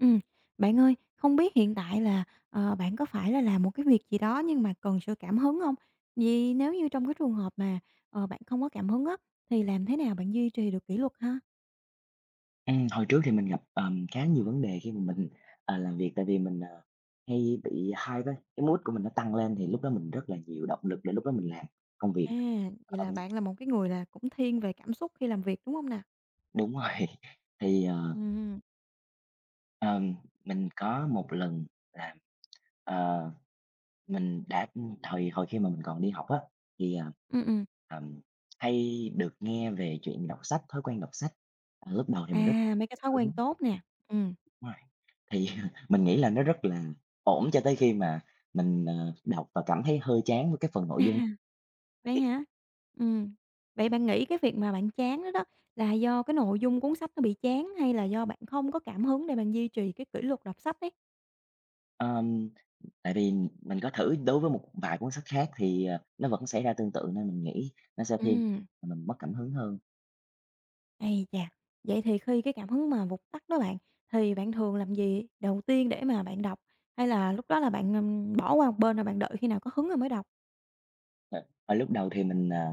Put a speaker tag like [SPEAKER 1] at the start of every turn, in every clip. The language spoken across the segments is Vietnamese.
[SPEAKER 1] Ừm, bạn ơi, không biết hiện tại là, ờ, bạn có phải là làm một cái việc gì đó nhưng mà cần sự cảm hứng hông? Vì nếu như trong cái trường hợp mà, ờ, bạn không có cảm hứng á, thì làm thế nào bạn duy trì được kỷ luật ha?
[SPEAKER 2] Ừm, hồi trước thì mình gặp, ờm, khá nhiều vấn đề khi mà mình, ờ, làm việc, tại vì mình, ờ, hay bị hyper, cái mood của mình nó tăng lên thì lúc đó mình rất là nhiều động lực để lúc đó mình làm công việc.
[SPEAKER 1] À, vậy là
[SPEAKER 2] Ờm.
[SPEAKER 1] bạn là một cái người là cũng thiên về cảm xúc khi làm việc, đúng không nè?
[SPEAKER 2] Đúng rồi. Thì, ờ
[SPEAKER 1] Ừm.
[SPEAKER 2] Ờm, mình có một lần là, ờ, mình đã ừm, hồi hồi khi mà mình còn đi học á, thì, ờ,
[SPEAKER 1] Ừm, ừm.
[SPEAKER 2] ừm, hay được nghe về chuyện đọc sách, thói quen đọc sách. Ờ, lúc đầu thì mình rất
[SPEAKER 1] À, mấy cái thói quen
[SPEAKER 2] đúng.
[SPEAKER 1] tốt nè, ừm.
[SPEAKER 2] Rồi. Thì mình nghĩ là nó rất là ổn cho tới khi mà mình, ờ, đọc và cảm thấy hơi chán với cái phần nội dung
[SPEAKER 1] À. Vậy
[SPEAKER 2] [unintelligible]
[SPEAKER 1] hả? Ừm. Vậy bạn nghĩ cái việc mà bạn chán đó đó, là do cái nội dung cuốn sách nó bị chán, hay là do bạn không có cảm hứng để bạn duy trì cá kỷ luật đọc sách ấy?
[SPEAKER 2] Ờm. Tại vì mình có thử đối với một vài cuốn sách khác thì, à, nó vẫn xảy ra tương tự, nên mình nghĩ nó sẽ thiên
[SPEAKER 1] Ừm.
[SPEAKER 2] mình mất cảm hứng hơn.
[SPEAKER 1] Ấy chà! Vậy thì khi cái cảm hứng mà vụt tắt đó bạn, thì bạn thường làm gì đầu tiên để mà bạn đọc, hay là lúc đó là bạn, ừm, bỏ qua một bên rồi bạn đợi khi nào có hứng rồi mới đọc?
[SPEAKER 2] Ờ. Hồi lúc đầu thì mình, ờ,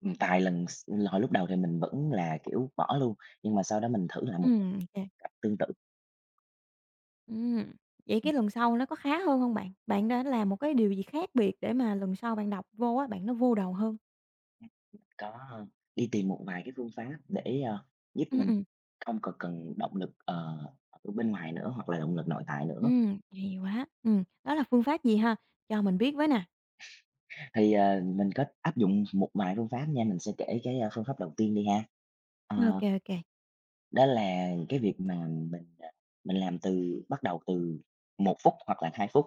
[SPEAKER 2] ừm, tài lần s hồi lúc đầu thì mình vẫn là, kiểu, bỏ luôn, nhưng mà sau đó mình thử lại một
[SPEAKER 1] Ừm, ô kê.
[SPEAKER 2] cách tương tự.
[SPEAKER 1] Ừm. Vậy
[SPEAKER 2] Ừm.
[SPEAKER 1] cái lần sau nó có khá hơn hông bạn? Bạn đã làm một cái điều gì khác biệt để mà lần sau bạn đọc vô á bạn nó vô đầu hơn?
[SPEAKER 2] Có, a, đi tìm một vài cái phương pháp để, à, giúp
[SPEAKER 1] Ưm,
[SPEAKER 2] mình
[SPEAKER 1] ừm.
[SPEAKER 2] không còn cần động lực, ờ, ở bên ngoài nữa hoặc là động lực nội tại nữa.
[SPEAKER 1] Ừm, hay quá! Ừm, đó là phương pháp gì ha? Cho mình biết với nè.
[SPEAKER 2] Thì, ờ, mình có áp dụng một vài phương pháp nha, mình sẽ kể cái phương pháp đầu tiên đi ha.
[SPEAKER 1] Ô
[SPEAKER 2] Ờ.
[SPEAKER 1] kê, ô kê.
[SPEAKER 2] Đó là cái việc mà mình, à, mình làm từ bắt đầu từ 1 phút hoặc là 2 phút,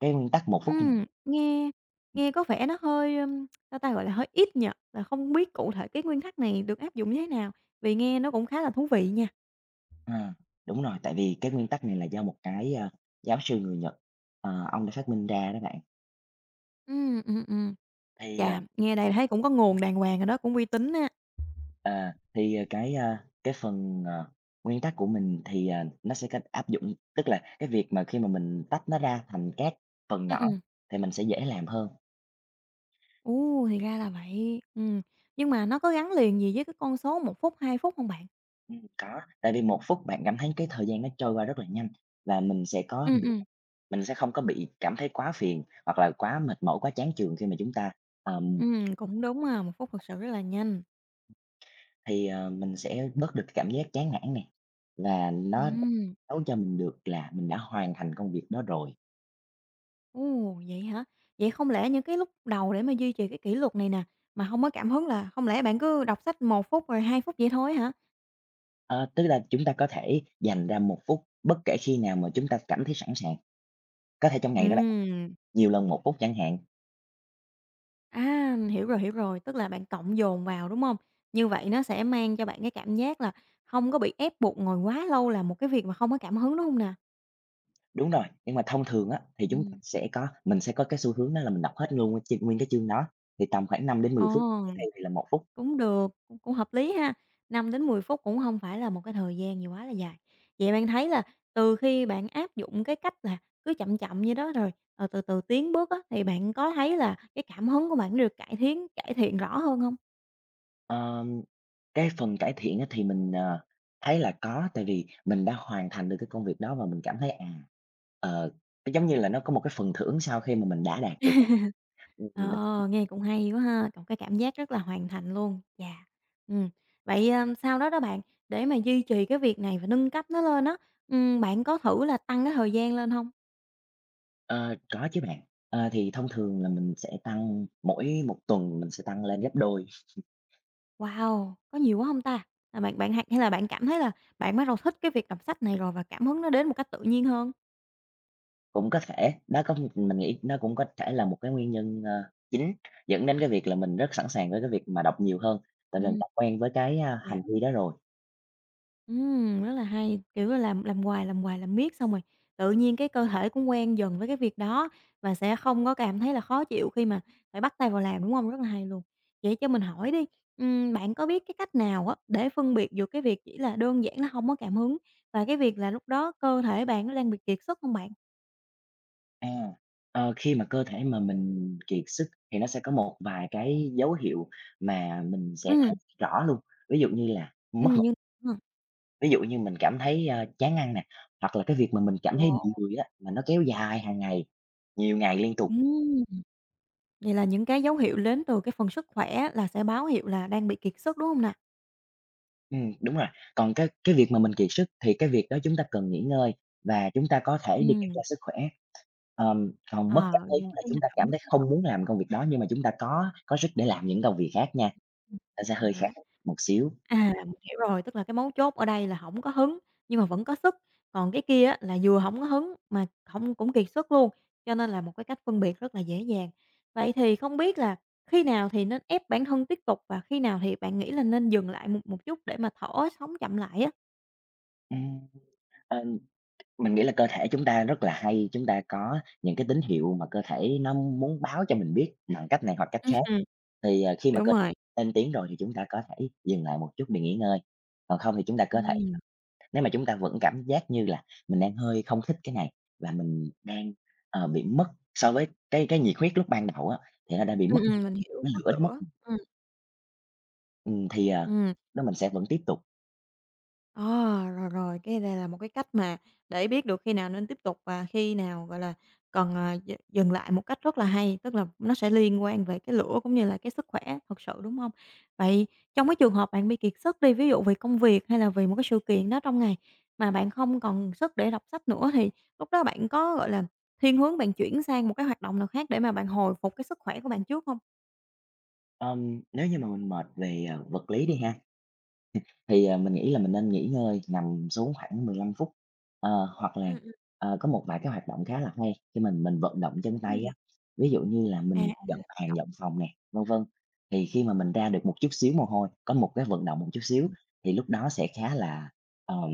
[SPEAKER 2] cái nguyên tắc 1 phút mà
[SPEAKER 1] Ừm, nghe
[SPEAKER 2] ừm.
[SPEAKER 1] nghe có vẻ nó hơi, ưm, sao ta, gọi là, hơi ít nhỉ? Là không biết cụ thể cái nguyên tắc này được áp dụng như thế nào? Vì nghe nó cũng khá là thú vị nha.
[SPEAKER 2] À. Đúng rồi, tại vì cái nguyên tắc này là do một cái, a, giáo sư người Nhật, ờ, ông đã phát minh ra đó bạn.
[SPEAKER 1] Ừm, ừm, ừm.
[SPEAKER 2] Thì,
[SPEAKER 1] Chà,
[SPEAKER 2] à
[SPEAKER 1] nghe đây là thấy cũng có nguồn đàng hoàng rồi đó, cũng uy tín á.
[SPEAKER 2] À. Thì, à, cái, a, cái phần, ờ, nguyên tắc của mình thì, à, nó sẽ cách áp dụng, tức là cái việc mà khi mà mình tách nó ra thành các phần
[SPEAKER 1] Ừm,
[SPEAKER 2] nhỏ
[SPEAKER 1] ừm.
[SPEAKER 2] thì mình sẽ dễ làm hơn.
[SPEAKER 1] Ô, thì ra là vậy! Ừm. Nhưng mà nó có gắn liền gì với cái con số 1 phút, 2 phút hông bạn?
[SPEAKER 2] Ừm, có, tại vì 1 phút bạn cảm thấy cái thời gian nó trôi qua rất là nhanh và mình sẽ có
[SPEAKER 1] Ừm,
[SPEAKER 2] đủ
[SPEAKER 1] ừm.
[SPEAKER 2] mình sẽ không có bị cảm thấy quá phiền hoặc là quá mệt mỏi, quá chán chường khi mà chúng ta, ờm
[SPEAKER 1] Ừm, cũng đúng ha, 1 phút thực sự rất là nhanh.
[SPEAKER 2] Thì, ờ, mình sẽ bớt được cái cảm giác chán nản nè, là nó
[SPEAKER 1] Ừm.
[SPEAKER 2] nói cho mình được là mình đã hoàn thành công việc đó rồi.
[SPEAKER 1] Ô, vậy hả? Vậy không lẽ những cái lúc đầu để mà duy trì cái kỷ luật này nè, mà hông có cảm hứng là hông lẽ bạn cứ đọc sách 1 phút, rồi 2 phút vậy thôi á hả?
[SPEAKER 2] Ờ, tức là chúng ta có thể dành ra 1 phút bất kể khi nào mà chúng ta cảm thấy sẵn sàng. Có thể trong ngày đó là
[SPEAKER 1] Ừm.
[SPEAKER 2] nhiều lần 1 phút chẳng hạn.
[SPEAKER 1] À, hiểu rồi, hiểu rồi, tức là bạn cộng dồn vào, đúng hông? Như vậy nó sẽ mang cho bạn cái cảm giác là không có bị ép buộc ngồi quá lâu làm một cái việc mà không có cảm hứng, đúng hông nè?
[SPEAKER 2] Đúng rồi, nhưng mà thông thường á, thì chúng
[SPEAKER 1] Ừm.
[SPEAKER 2] [unintelligible] sẽ có mình sẽ có cái xu hướng đó là mình đọc hết luôn nguyên chương nguyên cái chương đó thì tầm khoảng 5 đến 10 phút,
[SPEAKER 1] Ồ,
[SPEAKER 2] trước đây thì là 1 phút.
[SPEAKER 1] cũng được, ưm, cũng hợp lý ha, 5 đến 10 phút cũng hông phải là một cái thời gian gì quá là dài. Vậy bạn thấy là từ khi bạn áp dụng cái cách là cứ chậm chậm vậy đó rồi, ờ, từ từ tiến bước á, thì bạn có thấy là cái cảm hứng của bạn nó được cải thiến cải thiện rõ hơn hông?
[SPEAKER 2] Ờm, cái phần cải thiện á thì mình, ờ, thấy là có, tại vì mình đã hoàn thành được cái công việc đó và mình cảm thấy, à, ờ, giống như là nó có một cái phần thưởng sau khi mà mình đã đạt được, ừm, mình
[SPEAKER 1] Ờ, nghe cũng hay quá ha! C cái cảm giác rất là hoàn thành luôn, chà, ừm. Vậy, à, sau đó đó bạn, để mà duy trì cái việc này và nâng cấp nó lên á, ừm, bạn có thử là tăng cái thời gian lên hông?
[SPEAKER 2] Ờ, có chứ bạn, ờ, thì thông thường là mình sẽ tăng mỗi 1 tuần mình sẽ tăng lên gấp đôi.
[SPEAKER 1] Wow! Có nhiều quá hông ta? Là bạn bạn hay hay là bạn cảm thấy là bạn bắt đầu thích cái việc đọc sách này rồi và cảm hứng nó đến một cách tự nhiên hơn?
[SPEAKER 2] Cũng có thể, nó có mình nghĩ nó cũng có thể là một cái nguyên nhân, ơ, chính dẫn đến cái việc là mình rất sẵn sàng với cái việc mà đọc nhiều hơn, tại vì mình
[SPEAKER 1] Ừm.
[SPEAKER 2] đã quen với cái, a,
[SPEAKER 1] Yeah.
[SPEAKER 2] hành vi đó rồi.
[SPEAKER 1] Ừm, rất là hay, kiểu là làm làm hoài, làm hoài, làm miết xong rồi tự nhiên cái cơ thể cũng quen dần với cái việc đó và sẽ không có cảm thấy là khó chịu khi mà phải bắt tay vào làm, đúng hông? Rất là hay luôn. Vậy cho mình hỏi đi, ừm, bạn có biết cái cách nào á để phân biệt được cái việc chỉ là đơn giản là hông có cảm hứng và cái việc là lúc đó cơ thể bạn nó đang bị kiệt sức hông bạn?
[SPEAKER 2] À, ờ, khi mà cơ thể mà mình kiệt sức thì nó sẽ có một vài cái dấu hiệu mà mình sẽ thấy
[SPEAKER 1] Ừm.
[SPEAKER 2] rõ luôn, ví dụ như là mất
[SPEAKER 1] Ừm,
[SPEAKER 2] ngủ.
[SPEAKER 1] nhưng ha.
[SPEAKER 2] Ví dụ như mình cảm thấy, ơ, chán ăn nè, hoặc là cái việc mà mình cảm thấy bị
[SPEAKER 1] Wow!
[SPEAKER 2] người á, mà nó kéo dài hàng ngày, nhiều ngày liên tục.
[SPEAKER 1] Ừm. Vậy là những cái dấu hiệu đến từ cái phần sức khỏe là sẽ báo hiệu là đang bị kiệt sức, đúng hông nè?
[SPEAKER 2] Ừm, đúng rồi, còn cái cái việc mà mình kiệt sức, thì cái việc đó chúng ta cần nghỉ ngơi và chúng ta có thể đi kiểm tra
[SPEAKER 1] Ừm.
[SPEAKER 2] sức khỏe. Ờm, còn mất
[SPEAKER 1] Ờ,
[SPEAKER 2] cảm hứng
[SPEAKER 1] những
[SPEAKER 2] là
[SPEAKER 1] cái, a,
[SPEAKER 2] chúng ta
[SPEAKER 1] cảm hứng
[SPEAKER 2] cảm thấy
[SPEAKER 1] thích hợp.
[SPEAKER 2] không muốn làm công việc đó, nhưng mà chúng ta có có sức để làm những công việc khác nha.
[SPEAKER 1] Ừm.
[SPEAKER 2] Nó sẽ
[SPEAKER 1] Hay
[SPEAKER 2] hơi khác
[SPEAKER 1] quá!
[SPEAKER 2] một xíu.
[SPEAKER 1] À, mình hiểu rồi, tức là cái mấu chốt ở đây là hổng có hứng nhưng mà vẫn có sức, còn cái kia á là vừa hổng có hứng mà hông cũng kiệt sức luôn, cho nên là một cái cách phân biệt rất là dễ dàng. Vậy thì không biết là khi nào thì nên ép bản thân tiếp tục và khi nào thì bạn nghĩ là nên dừng lại một một chút để mà thở, sống chậm lại á?
[SPEAKER 2] Ừm. Ờ. Mình nghĩ là cơ thể chúng ta rất là hay, chúng ta có những cái tín hiệu mà cơ thể nó muốn báo cho mình biết bằng cách này hoặc cách khác. Thì, ờ, khi mà cơ
[SPEAKER 1] Đúng rồi.
[SPEAKER 2] lên tiếng rồi thì chúng ta có thể dừng lại một chút để nghỉ ngơi, còn không thì chúng ta có thể
[SPEAKER 1] Ừm.
[SPEAKER 2] nếu mà chúng ta vẫn cảm giác như là mình đang hơi không thích cái này và mình đang, ờ, bị mất so với cái cái nhiệt huyết lúc ban đầu á, thì nó đã bị
[SPEAKER 1] Ừm,
[SPEAKER 2] mất
[SPEAKER 1] ừm, mình
[SPEAKER 2] [unintelligible]
[SPEAKER 1] hiểu,
[SPEAKER 2] cái
[SPEAKER 1] mất
[SPEAKER 2] lửa đó mất,
[SPEAKER 1] lửa.
[SPEAKER 2] ừm.
[SPEAKER 1] Ừm.
[SPEAKER 2] Ừm, thì, ờ,
[SPEAKER 1] Ừm.
[SPEAKER 2] đó, mình sẽ vẫn tiếp tục.
[SPEAKER 1] À, rồi, rồi, cái này là một cái cách mà để biết được khi nào nên tiếp tục và khi nào, gọi là, cần, ờ, d dừng lại. Một cách rất là hay, tức là nó sẽ liên quan về cái lửa cũng như là cái sức khỏe thật sự, đúng hông? Vậy trong cái trường hợp bạn bị kiệt sức đi, ví dụ vì công việc hay là vì một cái sự kiện đó trong ngày mà bạn không còn sức để đọc sách nữa, thì lúc đó bạn có, gọi là, thiên hướng bạn chuyển sang một cái hoạt động nào khác để mà bạn hồi phục cái sức khỏe của bạn trước hông?
[SPEAKER 2] Ờm, nếu như mà mình mệt về, à, vật lý đi ha, ừm, thì, à, mình nghĩ là mình nên nghỉ ngơi, nằm xuống khoảng 15 phút. Ờ, hoặc là,
[SPEAKER 1] Ừm, ừm.
[SPEAKER 2] ờ, có một vài cái hoạt động khá là hay khi mình mình vận động chân tay
[SPEAKER 1] Ừm.
[SPEAKER 2] á, ví dụ như là
[SPEAKER 1] À, à.
[SPEAKER 2] mình dọn hàng,
[SPEAKER 1] [unintelligible]
[SPEAKER 2] dọn phòng nè, vân vân, thì khi mà mình ra được một chút xíu mồ hôi, có một cái vận động một chút xíu,
[SPEAKER 1] Ừm.
[SPEAKER 2] thì lúc đó sẽ khá là, ờm,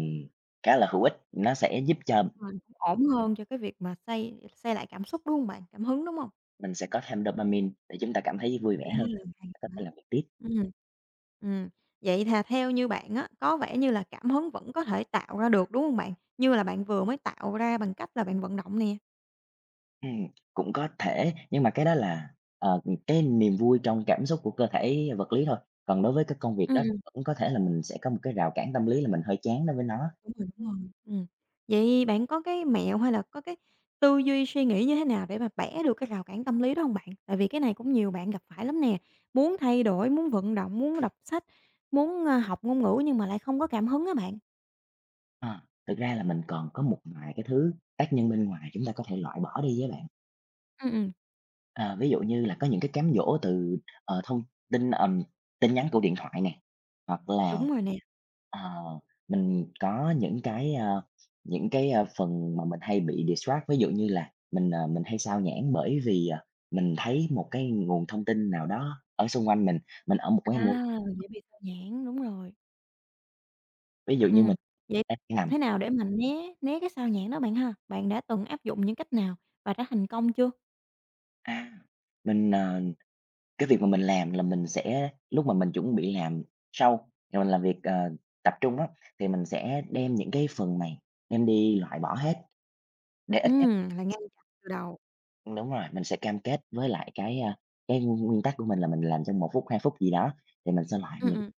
[SPEAKER 2] khá là hữu ích, nó sẽ giúp cho
[SPEAKER 1] [unintelligible] Hình ổn hơn cho cái việc mà xây xây lại cảm xúc, đúng hông bạn? Cảm hứng, đúng hông?
[SPEAKER 2] Mình sẽ có thêm dopamine để chúng ta cảm thấy vui vẻ
[SPEAKER 1] À,
[SPEAKER 2] hơn,
[SPEAKER 1] hay
[SPEAKER 2] có
[SPEAKER 1] quá.
[SPEAKER 2] thể làm việc tiếp.
[SPEAKER 1] Ừm, ừm, vậy thà theo như bạn á, có vẻ như là cảm hứng vẫn có thể tạo ra được, đúng hông bạn? Như là bạn vừa mới tạo ra bằng cách là bạn vận động nè.
[SPEAKER 2] Ừm, cũng có thể, nhưng mà cái đó là, ờ, ừm, cái niềm vui trong cảm xúc của cơ thể vật lý thôi. Còn đối với cái công việc
[SPEAKER 1] Ừm,
[SPEAKER 2] đó thì
[SPEAKER 1] ừm.
[SPEAKER 2] vẫn có thể là mình sẽ có một cái rào cản tâm lý là mình hơi chán đối với nó.
[SPEAKER 1] Ừm, ừm, đúng rồi, ừm. Vậy bạn có cái mẹo, hay là có cái tư duy, suy nghĩ như thế nào, để mà bẻ được cái rào cản tâm lý đó hông bạn? Tại vì cái này cũng nhiều bạn gặp phải lắm nè, muốn thay đổi, muốn vận động, muốn đọc sách, muốn, à, học ngôn ngữ, nhưng mà lại không có cảm hứng á bạn.
[SPEAKER 2] À, thực ra là mình còn có một vài cái thứ tác nhân bên ngoài chúng ta có thể loại bỏ đi á bạn.
[SPEAKER 1] Ừm, ừm.
[SPEAKER 2] Ờ, ví dụ như là có những cái cám dỗ từ, ờ, thông tin, ừm, tin nhắn của điện thoại nè, hoặc là,
[SPEAKER 1] Đúng rồi nè.
[SPEAKER 2] ờ, mình có những cái, ờ, những cái, ờ, phần mà mình hay bị distract. Ví dụ như là mình, ờ, mình hay sao nhãng, bởi vì, ờ, mình thấy một cái nguồn thông tin nào đó ở xung quanh mình, mình ở một cái môi
[SPEAKER 1] À! Dễ bị sao nhãng, đúng rồi.
[SPEAKER 2] Ví dụ như
[SPEAKER 1] Ừm,
[SPEAKER 2] mình
[SPEAKER 1] vậy
[SPEAKER 2] đang
[SPEAKER 1] làm
[SPEAKER 2] nằm
[SPEAKER 1] thế nào để mà né né cái sao nhãng đó bạn ha? Bạn đã từng áp dụng những cách nào và đã thành công chưa?
[SPEAKER 2] À, mình, ờ, cái việc mà mình làm là mình sẽ lúc mà mình chuẩn bị làm sau, rồi mình làm việc, ờ, tập trung á, thì mình sẽ đem những cái phần này đem đi loại bỏ hết, để ít nhất
[SPEAKER 1] Ừm, là ngay từ đầu.
[SPEAKER 2] Ưm, đúng rồi, mình sẽ cam kết với lại cái, a, cái nguyên nguyên tắc của mình là mình làm trong 1 phút, 2 phút gì đó, thì mình sẽ loại
[SPEAKER 1] Ừm,
[SPEAKER 2] những
[SPEAKER 1] ừm.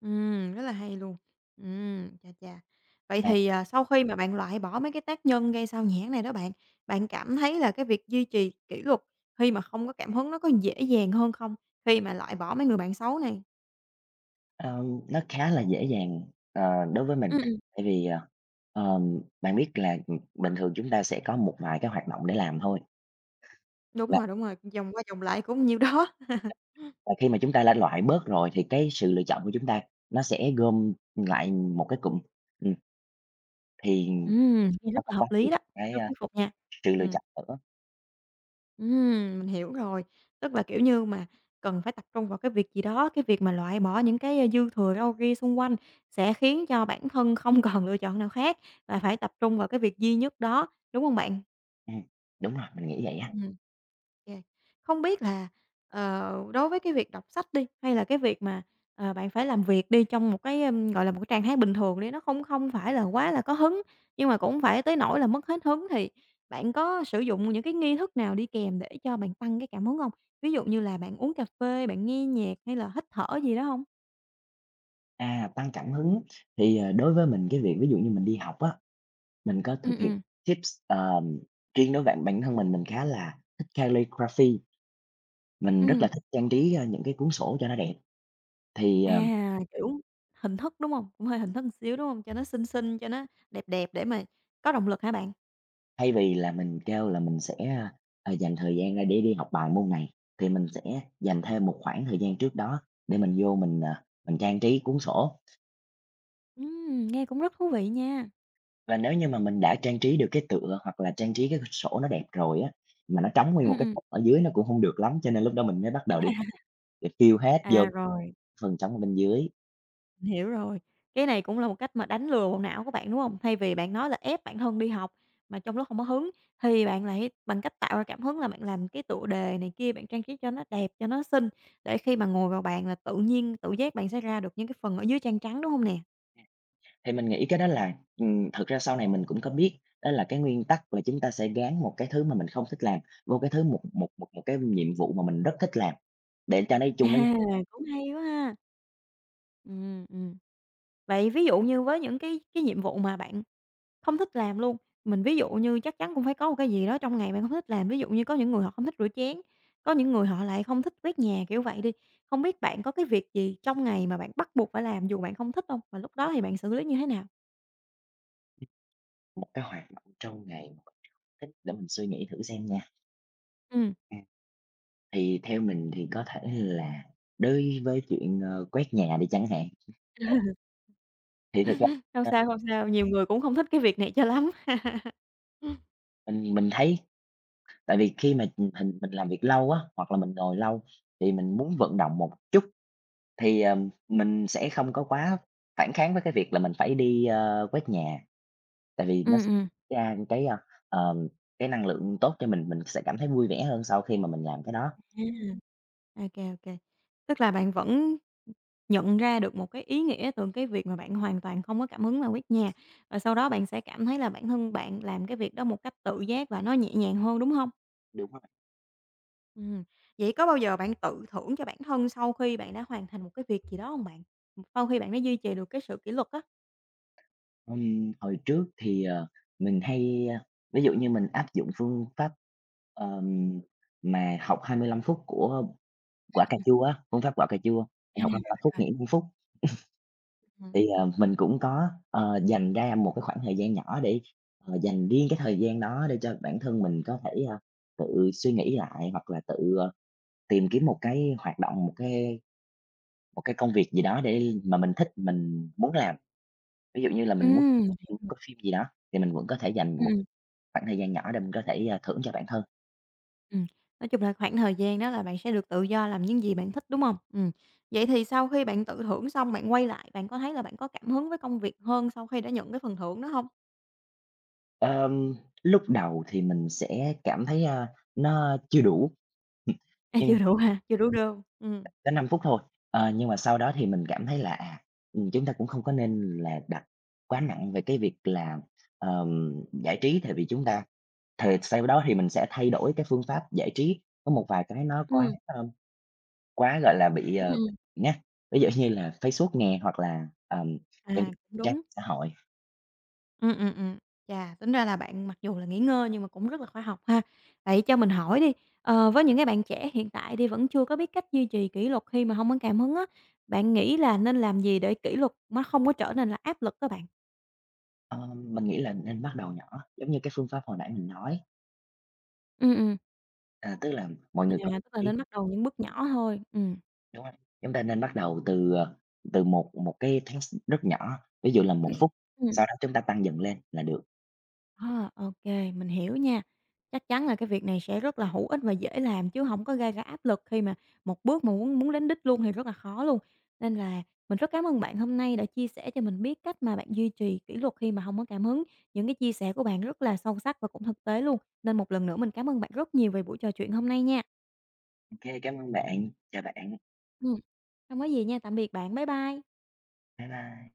[SPEAKER 1] Ừm, rất là hay luôn. Ừm, chà chà. Vậy
[SPEAKER 2] À.
[SPEAKER 1] thì, à, sau khi mà bạn loại bỏ mấy cái tác nhân gây xao nhãng này đó bạn, bạn cảm thấy là cái việc duy trì kỷ luật khi mà không có cảm hứng nó có dễ dàng hơn không khi mà loại bỏ mấy người bạn xấu này?
[SPEAKER 2] Ờm, nó khá là dễ dàng, ờ, đối với mình,
[SPEAKER 1] Ưm, ừm.
[SPEAKER 2] tại vì, ờ, ờm, bạn biết là, ừm, bình thường chúng ta sẽ có một vài cái hoạt động để làm thôi.
[SPEAKER 1] Đúng
[SPEAKER 2] Và
[SPEAKER 1] rồi, đúng rồi, vòng qua vòng lại cũng nhiều đó.
[SPEAKER 2] và khi mà chúng ta đã loại bớt rồi thì cái sự lựa chọn của chúng ta nó sẽ gom lại một cái cụm, ừm, thì, ừm,
[SPEAKER 1] Ừm, thì
[SPEAKER 2] không
[SPEAKER 1] rất
[SPEAKER 2] có
[SPEAKER 1] là
[SPEAKER 2] quá
[SPEAKER 1] hợp lý
[SPEAKER 2] nhiều
[SPEAKER 1] đó,
[SPEAKER 2] cái,
[SPEAKER 1] rất
[SPEAKER 2] ơ,
[SPEAKER 1] thuyết phục nha.
[SPEAKER 2] sự lựa
[SPEAKER 1] Ừm.
[SPEAKER 2] chọn nữa.
[SPEAKER 1] Ừm, mình hiểu rồi. Tức là, kiểu như, mà cần phải tập trung vào cái việc gì đó, cái việc mà loại bỏ những cái, a, dư thừa, râu ria ra xung quanh sẽ khiến cho bản thân không còn lựa chọn nào khác và phải tập trung vào cái việc duy nhất đó, đúng hông bạn?
[SPEAKER 2] Ừm. Đúng rồi, mình nghĩ vậy á.
[SPEAKER 1] Ừm. Kê. Không biết là, ờ, đối với cái việc đọc sách đi hay là cái việc mà, ờ, bạn phải làm việc đi trong một cái, ưm, gọi là, một cái trạng thái bình thường đi nó không không phải là quá là có hứng, nhưng mà cũng hông phải tới nỗi là mất hết hứng thì bạn có sử dụng những cái nghi thức nào đi kèm để cho bạn tăng cái cảm hứng hông? Ví dụ như là bạn uống cà phê, bạn nghe nhạc, hay là hít thở gì đó hông?
[SPEAKER 2] À, tăng cảm hứng. Thì, ờ, đối với mình cái việc ví dụ như mình đi học á, mình có
[SPEAKER 1] Ừm,
[SPEAKER 2] thực hiện
[SPEAKER 1] ừm.
[SPEAKER 2] tips, ờm, riêng đối với bản bản thân mình mình khá là thích Calligraphy mình rất là
[SPEAKER 1] Ừm.
[SPEAKER 2] thích trang trí, a, những cái cuốn sổ cho nó đẹp. Thì, ờ
[SPEAKER 1] À, kiểu, hình thức, đúng hông? Cũng hơi hình thức một xíu, đúng hông? Cho nó xinh xinh, cho nó đẹp đẹp để mà có động lực hả bạn?
[SPEAKER 2] Thay vì là mình kêu là mình sẽ, ơ, ờ, dành thời gian ra để đi học bài môn này, thì mình sẽ dành thêm một khoảng thời gian trước đó để mình vô mình, ờ, mình trang trí cuốn sổ.
[SPEAKER 1] Ừm, nghe cũng rất thú vị nha.
[SPEAKER 2] Và nếu như mà mình đã trang trí được cái tựa hoặc là trang trí cái sổ nó đẹp rồi á, mà nó trống nguyên một
[SPEAKER 1] Ừm,
[SPEAKER 2] cái
[SPEAKER 1] ừm.
[SPEAKER 2] phần ở dưới nó cũng hông được lắm, cho nên lúc đó mình mới bắt đầu đi [unintelligible] để tiêu
[SPEAKER 1] [unintelligible]
[SPEAKER 2] hết vô
[SPEAKER 1] À, rồi.
[SPEAKER 2] phần trống ở bên dưới.
[SPEAKER 1] Hiểu rồi, cái này cũng là một cách mà đánh lừa bộ não của bạn, đúng hông? Thay vì bạn nói là ép bản thân đi học mà trong lúc hông có hứng thì bạn lại bằng cách tạo ra cảm hứng là bạn làm cái tựa đề này kia, bạn trang trí cho nó đẹp, cho nó xinh để khi mà ngồi vào bàn là tự nhiên tự giác bạn sẽ ra được những cái phần ở dưới trang trắng. đúng hông nè?
[SPEAKER 2] Thì mình nghĩ cái đó là ừm, thực ra sau này mình cũng có biết, đó là cái nguyên tắc là chúng ta sẽ gán một cái thứ mà mình không thích làm, vô cái thứ một một một một cái nhiệm vụ mà mình rất thích làm, để cho nó đi
[SPEAKER 1] À,
[SPEAKER 2] chung với
[SPEAKER 1] cũng hay quá ha. Ừm, ừm. Vậy ví dụ như với những cái cái nhiệm vụ mà bạn không thích làm luôn, mình ví dụ như chắc chắn cũng phải có một cái gì đó trong ngày bạn không thích làm, ví dụ như có những người họ không thích rửa chén, có những người họ lại không thích quét nhà, kiểu vậy đi, hông biết bạn có cái việc gì trong ngày mà bạn bắt buộc phải làm dù bạn không thích hông? Và lúc đó thì bạn xử lý như thế nào?
[SPEAKER 2] Một cái hoạt động trong ngày [unintelligible] để mình suy nghĩ thử xem nha.
[SPEAKER 1] Ừm.
[SPEAKER 2] À. Thì theo mình thì có thể là đối với chuyện, ơ, quét nhà đi chẳng hạn. Thì thực ra,
[SPEAKER 1] Không
[SPEAKER 2] a
[SPEAKER 1] sao, không sao, nhiều người cũng không thích cái việc này cho lắm.
[SPEAKER 2] Mình mình thấy tại vì khi mà, ừm, mình mình làm việc lâu á, hoặc là mình ngồi lâu, thì mình muốn vận động một chút, thì, ờm, mình sẽ không có quá phản kháng với cái việc là mình phải đi, ơ, quét nhà, tại vì nó
[SPEAKER 1] Ừm, ừm.
[SPEAKER 2] ra cái, ơ, ờm, cái năng lượng tốt cho mình, mình sẽ cảm thấy vui vẻ hơn sau khi mà mình làm cái đó.
[SPEAKER 1] A. Ô kê, ô kê, tức là bạn vẫn nhận ra được một cái ý nghĩa từ cái việc mà bạn hoàn toàn không có cảm hứng là quét nhà và sau đó bạn sẽ cảm thấy là bản thân bạn làm cái việc đó một cách tự giác và nó nhẹ nhàng hơn, đúng hông?
[SPEAKER 2] Đúng rồi.
[SPEAKER 1] Ừm. Vậy có bao giờ bạn tự thưởng cho bản thân sau khi bạn đã hoàn thành một cái việc gì đó hông bạn? Sau khi bạn đã duy trì được cái sự kỷ luật á.
[SPEAKER 2] Ừm, hồi trước thì, ờ, mình hay, ơ, ví dụ như mình áp dụng phương pháp, ờm, mà học 25 phút của quả cà
[SPEAKER 1] [unintelligible]
[SPEAKER 2] chua á, phương pháp quả cà chua,
[SPEAKER 1] À,
[SPEAKER 2] học 25 phút
[SPEAKER 1] rồi.
[SPEAKER 2] nghỉ 5 phút.
[SPEAKER 1] Ừm.
[SPEAKER 2] Thì, ờ, mình cũng có, ờ, dành ra một cái khoảng thời gian nhỏ để, ờ, dành riêng cái thời gian đó để cho bản thân mình có thể, ơ, tự suy nghĩ lại, hoặc là tự, ơ, tìm kiếm một cái hoạt động, một cái một cái công việc gì đó để mà mình thích, mình muốn làm. Ví dụ như là
[SPEAKER 1] Ừm,
[SPEAKER 2] mình muốn,
[SPEAKER 1] mình hiểu
[SPEAKER 2] ừm, coi
[SPEAKER 1] rồi.
[SPEAKER 2] phim gì đó, thì mình vẫn có thể dành một
[SPEAKER 1] Ừm.
[SPEAKER 2] khoảng thời gian nhỏ để mình có thể, a, thưởng cho bản thân.
[SPEAKER 1] Ừm, nói chung là khoảng thời gian đó là bạn sẽ được tự do làm những gì bạn thích, đúng hông? Ừm, vậy thì sau khi bạn tự thưởng xong bạn quay lại bạn có thấy là bạn có cảm hứng với công việc hơn sau khi đã nhận cái phần thưởng đó hông?
[SPEAKER 2] Ờm, lúc đầu thì mình sẽ cảm thấy, ơ, nó chưa đủ.
[SPEAKER 1] À,
[SPEAKER 2] Ừm.
[SPEAKER 1] chưa đủ hả, chưa đủ đô, ừm.
[SPEAKER 2] Có 5 phút thôi, ờ, nhưng mà sau đó thì mình cảm thấy là, à, ừm, chúng ta cũng không có nên là đặt quá nặng về cái việc là, ờm, giải trí tại vì chúng ta thề sau đó thì mình sẽ thay đổi cái phương pháp giải trí, có một vài cái nó quá,
[SPEAKER 1] Ừm.
[SPEAKER 2] ơm, quá, gọi là, bị, ờ
[SPEAKER 1] Ừm.
[SPEAKER 2] nhá, ví dụ như là Facebook nè hoặc là, ờm, những
[SPEAKER 1] À, cũng
[SPEAKER 2] trang
[SPEAKER 1] đúng.
[SPEAKER 2] xã hội.
[SPEAKER 1] Ừm, ừm, ừm, chà, tính ra là bạn mặc dù là nghỉ ngơi nhưng mà cũng rất là khoa học ha. Vậy cho mình hỏi đi, ờ, với những cái bạn trẻ hiện tại đi vẫn chưa có biết cách duy trì kỷ luật khi mà hông có cảm hứng á, bạn nghĩ là nên làm gì để kỷ luật nó không có trở nên là áp lực á bạn?
[SPEAKER 2] Ờm, mình nghĩ là nên bắt đầu nhỏ, giống như cái phương pháp hồi nãy mình nói.
[SPEAKER 1] Ừm, ừm.
[SPEAKER 2] À, tức là mọi người có
[SPEAKER 1] [unintelligible] Tức là
[SPEAKER 2] ý
[SPEAKER 1] nên bắt đầu những bước nhỏ thôi, ừm.
[SPEAKER 2] Đúng rồi, chúng ta nên bắt đầu từ, ờ, từ một một cái task rất nhỏ, ví dụ là 1 phút,
[SPEAKER 1] Ừm.
[SPEAKER 2] sau đó chúng ta tăng dần lên là được.
[SPEAKER 1] Ờ, ô kê, mình hiểu nha, chắc chắn là cái việc này sẽ rất là hữu ích và dễ làm chứ hổng có gây ra áp lực khi mà một bước mà muốn muốn đến đích luôn thì rất là khó luôn. Nên là mình rất cám ơn bạn hôm nay đã chia sẻ cho mình biết cách mà bạn duy trì kỷ luật khi mà hông có cảm hứng, những cái chia sẻ của bạn rất là sâu sắc và cũng thực tế luôn, nên một lần nữa mình cám ơn bạn rất nhiều về buổi trò chuyện hôm nay nha.
[SPEAKER 2] OK, cảm ơn bạn, chào bạn.
[SPEAKER 1] Ừm, hông có gì nha, tạm biệt bạn. Bye bye.
[SPEAKER 2] Bye bye.